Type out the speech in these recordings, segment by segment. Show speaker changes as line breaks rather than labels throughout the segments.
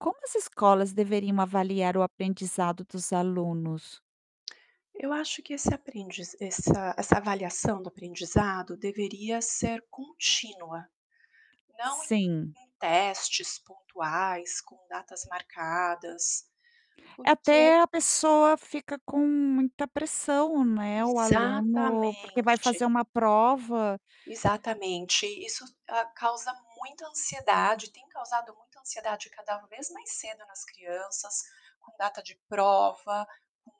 Como as escolas deveriam avaliar o aprendizado dos alunos?
Eu acho que esse aprendiza essa essa avaliação do aprendizado deveria ser contínua. Não em
Sim.
em testes pontuais, com datas marcadas, porque
Até a pessoa fica com muita pressão, né, o aluno, porque vai
Exatamente.
fazer uma prova.
Exatamente, isso, hã, causa muita ansiedade, tem causado muita ansiedade cada vez mais cedo nas crianças, com data de prova, com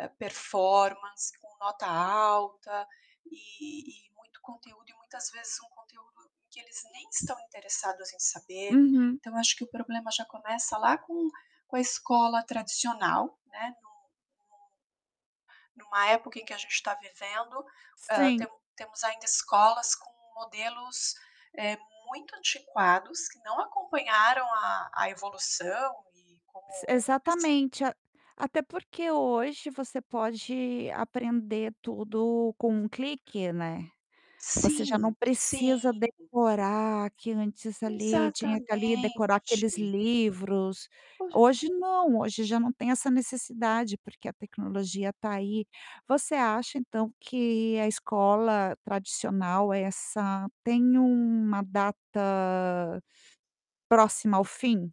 hã, performance, com nota alta, e e muito conteúdo e muitas vezes um conteúdo que eles nem estão interessados em saber.
Uhum.
Então acho que o problema já começa lá com com a escola tradicional, né, no no numa época em que a gente está vivendo, hã,
Sim.
temos temos ainda escolas com modelos, eh, muito antiquados que não acompanharam a a evolução e como
S
[unintelligible]
exatamente, a até porque hoje você pode aprender tudo com um clique, né. Você já não
Sim, sim.
precisa decorar que antes ali, tinha
Exatamente.
que ali decorar aqueles livros. Hoje
[unintelligible]
não, hoje já não tem essa necessidade, porque a tecnologia está aí. Você acha, então, que a escola tradicional é essa tem uma data próxima ao fim?